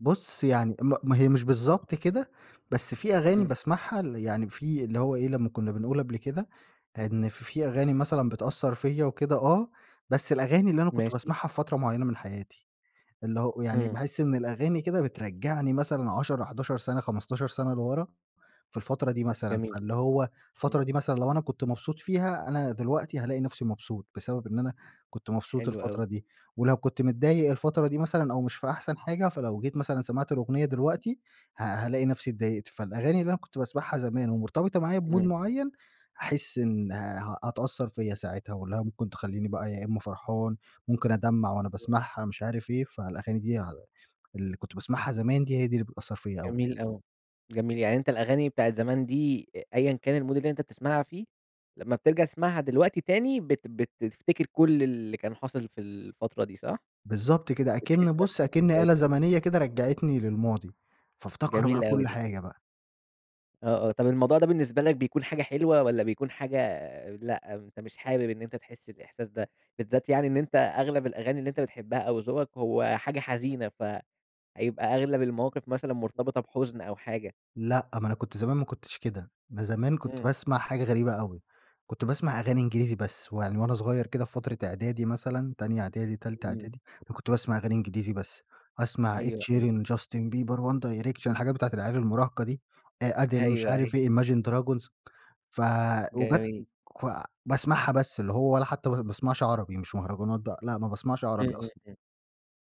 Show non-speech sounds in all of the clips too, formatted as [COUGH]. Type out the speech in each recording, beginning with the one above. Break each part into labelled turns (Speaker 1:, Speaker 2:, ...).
Speaker 1: بُصّ، يعني ما ما هي مش بالضبط كده، بس في أغاني
Speaker 2: إمم.
Speaker 1: باسمَعها اللي يعني في اللي هو إيه، لمّا كنّا بنقول قبْل كده إن في في أغاني مثلًا بتأثّر فيَّ وكده آه، بس الأغاني اللي أنا كنت
Speaker 2: ماشي.
Speaker 1: باسمَعها في فترة معيّنة من حياتي. اللي هو يعني
Speaker 2: إمم.
Speaker 1: باحس إن الأغاني كده بترجّعني مثلًا 10، 11 سَنة 15 سَنة لورا في الفترة دي مثلًا،
Speaker 2: جميل.
Speaker 1: فاللي هو
Speaker 2: إمم.
Speaker 1: الفترة دي مثلًا لو أنا كنت مبسوط فيها أنا دلوقتي هالاقي نفْسي مبسوط، بسبب إن أنا كنت مبسوط
Speaker 2: حلو أوي.
Speaker 1: الفترة دي، ولو كنت متضايق الفترة دي مثلًا أو مش في أحسن حاجة، فلو جيت مثلًا سمِعت الأغنية دلوقتي ه هالاقي نفْسي اتضايقت، فالأغاني اللي أنا كنت باسمَعها زمان ومرتبطة معايا بmood
Speaker 2: إمم.
Speaker 1: معيّن هاحس إن آآ هتأثّر فيَّ ساعتها واللي هي ممكن تخلّيني بقى يا إمّا فرحان، ممكن أدمّع وأنا
Speaker 2: [UNINTELLIGIBLE]
Speaker 1: باسمَعها مش عارف إيه، فالأغاني دي ع اللي كنت باسمَعها زمان دي، هي دي اللي بتأثّر فيَّ أوي.
Speaker 2: جميل أوي، جميل. يعني أنت الأغاني بتاعة زمان دي أ أيًا كان الmood اللي أنت تسمَعها فيه لمّا بترجَع تسمَعها دلوقتي تاني بت بتفتكَر كلّ اللي كان حاصل في الفترة دي صح؟
Speaker 1: بالضبط كده،
Speaker 2: وتحس
Speaker 1: أكِن
Speaker 2: نفْس
Speaker 1: بُص، أكِن
Speaker 2: الإحساس
Speaker 1: آلة
Speaker 2: و
Speaker 1: زمنية كده رجّعتني للماضي، فافتكر بقى
Speaker 2: جميل أوي
Speaker 1: كل
Speaker 2: ده.
Speaker 1: حاجة بقى.
Speaker 2: آه، آه. طَب الموضوع ده بالنسبة لك بيكُون حاجة حلوة والّا بيكُون حاجة آآ، لأ أنت مش حابب إن أنت تحس الإحساس ده، بالذات يعني إن أنت أغلَب الأغاني اللي أنت بتحبها أو ذوقك هو حاجة حزينة فهيبقى أغلَب المواقِف مثلًا مرتبِطة بحُزن أو حاجة؟
Speaker 1: لأ، ما أنا كنت زمان ما كنتش كده، ب زمان كنت
Speaker 2: إمم.
Speaker 1: باسمَع حاجة غريبة أوي، كنت باسمَع أغاني إنجليزي بس، ويعني وأنا صغيّر كده في فترة إعدادي مثلًا، تانية إعدادي، تالتة
Speaker 2: إمم.
Speaker 1: إعدادي، أنا كنت باسمَع أغاني إنجليزي بس، أسمَع Ed
Speaker 2: أيوه، أيوه.
Speaker 1: Sheeran، Justin Bieber، One Direction، الحاجات بتاعة المراهقة دي آآ Adele، مش
Speaker 2: أيوه،
Speaker 1: عارف
Speaker 2: أيوه.
Speaker 1: إيه، imagine dragons، ف وجات
Speaker 2: جميل.
Speaker 1: ف باسمَعها بس، اللي هو ولا حتى ب-باسمَعش عربي، مش مهرجانات بقى، لأ ما باسمَعش
Speaker 2: إمم،
Speaker 1: عربي
Speaker 2: إمم،
Speaker 1: أصلًا.
Speaker 2: إمم.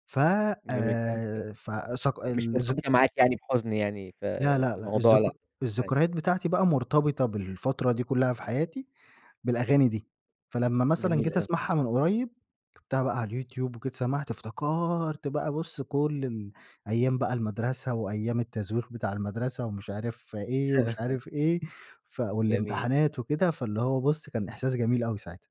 Speaker 1: ف
Speaker 2: جميل جدًا.
Speaker 1: آآ ف صق
Speaker 2: مش
Speaker 1: الذك
Speaker 2: مرتبِطة معاك يعني بحُزن يعني ف
Speaker 1: لا، لأ، لأ،
Speaker 2: الموضوع
Speaker 1: الذك
Speaker 2: لأ. أيوه.
Speaker 1: الذكريات بتاعتي بقى مرتبِطة بالفترة دي كلّها في حياتي بالأغاني دي، فلمّا مثلًا
Speaker 2: جميل
Speaker 1: جيت
Speaker 2: آوي.
Speaker 1: أسمَعها من قريّب كتبتها بقى على اليوتيوب وجيت سمَعت افتكَرت بقى بُص كلّ ال أيام بقى المدرسة وأيام التزويغ بتاع المدرسة ومش عارف إيه، ومش عارف إيه، ف
Speaker 2: [LAUGHS] جميل.
Speaker 1: والإمتحانات وكده، فاللي هو بُص كان إحساس جميل أوي ساعتها.